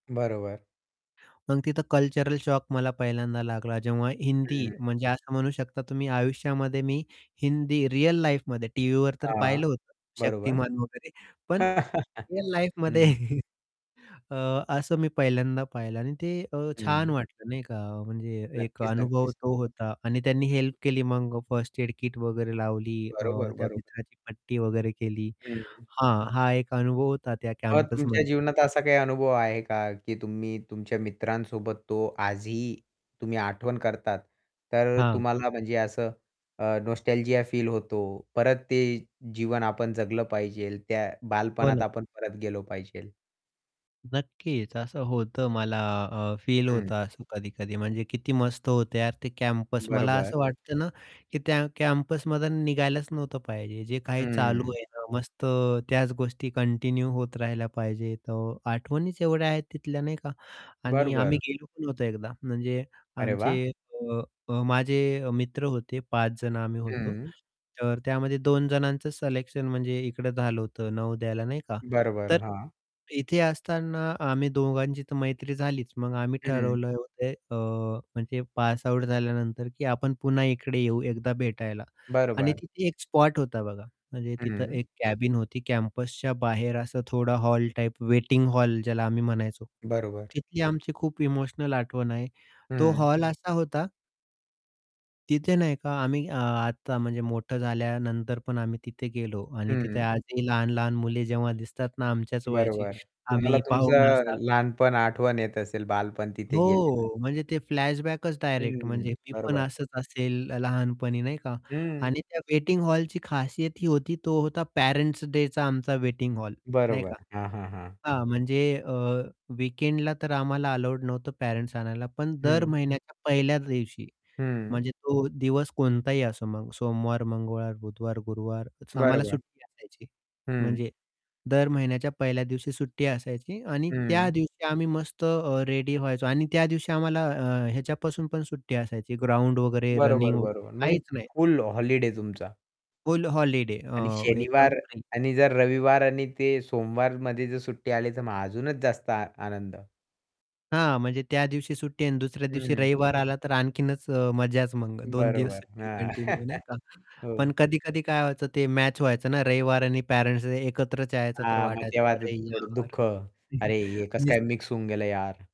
बरोबर. मग तिथं कल्चरल शॉक मला पहिल्यांदा लागला, जेव्हा हिंदी हं. म्हणजे असं म्हणू शकता तुम्ही, आयुष्यामध्ये मी हिंदी रिअल लाईफमध्ये टीव्हीवर तर हां, पाहिलं होतं बरोबर. शक्तिमान. वगैरे, पण रिअल हं, लाईफमध्ये, हं. अ, असं मी पहिल्यांदा पाहिलं आणि ते अ, छान हं. वाटलं, नाही का? म्हणजे एक नक्कीच, अनुभव नक्कीच. तो होता आणि त्यांनी हेल्प केली. मग फर्स्ट एड किट वगैरे लावली अ, बरोबर, त्या बरोबर. मित्राची पट्टी वगैरे केली. हं. हां, हा एक अनुभव होता त्या मग तुमच्या कॅम्पसमधला. जीवनात असा काही अनुभव आहे का? की तुम्ही तुमच्या मित्रांसोबत तो आजही तुम्ही आठवण करतात, तर हां. तुम्हाला म्हणजे असं अ, नॉस्टॅल्जिया फील होतो. परत ते जीवन आपण जगलं पाहिजे, त्या हो बालपणात ना. आपण परत गेलो पाहिजे. नक्कीच असं होतं मला अ, फील हं. होतं असं कधी-कधी म्हणजे "किती मस्त होतं यार ते कॅम्पस." मला बरोबर. असं वाटतं ना की त्या कॅम्पसमधून निघायलाच नव्हतं पाहिजे. जे काही चालू हं. आहे ना मस्त त्याच गोष्टी कंटिन्यू होत राहिल्या पाहिजे. तर आठवणीच एवढ्या आहेत तिथल्या नाही का आणि आम्ही बरोबरं. गेलो पण होतो एकदा म्हणजे अरे वाह! आमचे अ, माझे मित्र होते 5 जण आम्ही होतो. हं. तर त्यामध्ये 2 जणांचं सिलेक्शन म्हणजे इकडं झालं होतं नवोदयाला नाही का. बरोबर, तर हां. इथे असताना आम्ही दोघांची तर मैत्री झालीच. मग आम्ही हं. ठरवलं होतं अ, म्हणजे पासआउट झाल्यानंतर की आपण पुन्हा इकडे येऊ एकदा भेटायला. आणि बरोबरं. तिथे एक स्पॉट होता बघा म्हणजे तिथं हं. एक कॅबिन होती कॅम्पसच्या बाहेर असा थोडा हॉल टाइप वेटिंग हॉल ज्याला आम्ही म्हणायचो, बरोबर. तिथली आमची खूप इमोशनल आठवण आहे. तो हं. हॉल असा होता तिथे नाही का आम्ही अ, आता म्हणजे मोठं झाल्यानंतर पण आम्ही तिथे गेलो. आणि तिथे हं. आजही लहान-लहान मुले जेव्हा दिसतात ना, आमच्याच वयाची बरोबर. तुम्हाला आम्ही पाहून तुमचं असा लहानपण आठवण येत असेल, बालपण तिथे गेलेलं. हो, म्हणजे ते फ्लॅशबॅकच डायरेक्ट हं, म्हणजे मी पण बरोबर. असंच असेल लहानपणी नाही का, हं. आणि त्या वेटिंग हॉलची खासियत ही होती, तो होता पेरेंट्स डेचा आमचा वेटिंग हॉल नाही बरोबर. का. हां, हां, हां. हां, म्हणजे अ, वीकेंडला तर आम्हाला अलाउड नव्हतं पॅरेंट्स आणायला. पण दर हं. महिन्याच्या पहिल्या दिवशी हं. म्हणजे तो दिवस कोणताही असो मग सोमवार, मंगळवार, बुधवार, गुरुवार आम्हाला बरोबर. सुट्टी असायची. हं. म्हणजे दर महिन्याच्या पहिल्या दिवशी सुट्टी असायची आणि त्या हं. दिवशी आम्ही मस्त रेडी व्हायचो आणि त्या दिवशी आम्हाला अ, ह्याच्यापासून पण सुट्टी असायची, ग्राउंड वगैरे, बरोबर, रनिंग वगैरे बरोबर. म्हणजे काहीच नाही. फुल हॉलिडे तुमचा. फुल हॉलिडे आणि अ, एकदम शनिवार फ्री. आणि जर रविवार आणि ते सोमवारमध्ये जर सुट्टी आली, तर मग अजूनच जास्त आ आनंद. हां, म्हणजे त्या दिवशी सुट्टी आहे आणि दुसऱ्या दिवशी हं. रविवार आला, तर आणखीनच मज्जाच. मग 2 दिवस बरोबर, सुट्टी हां. कंटिन्यू नाही का. हो. पण कधी-कधी काय व्हायचं ते मॅच व्हायचं ना रविवार आणि पॅरेंट्स डे एकत्रच यायचं. तर हां, मग वाटायचं, तेव्हा तर "अरे, थोडं यार!" दुःख, "अरे, हे कसं नुस काय मिक्स होऊन गेलं यार."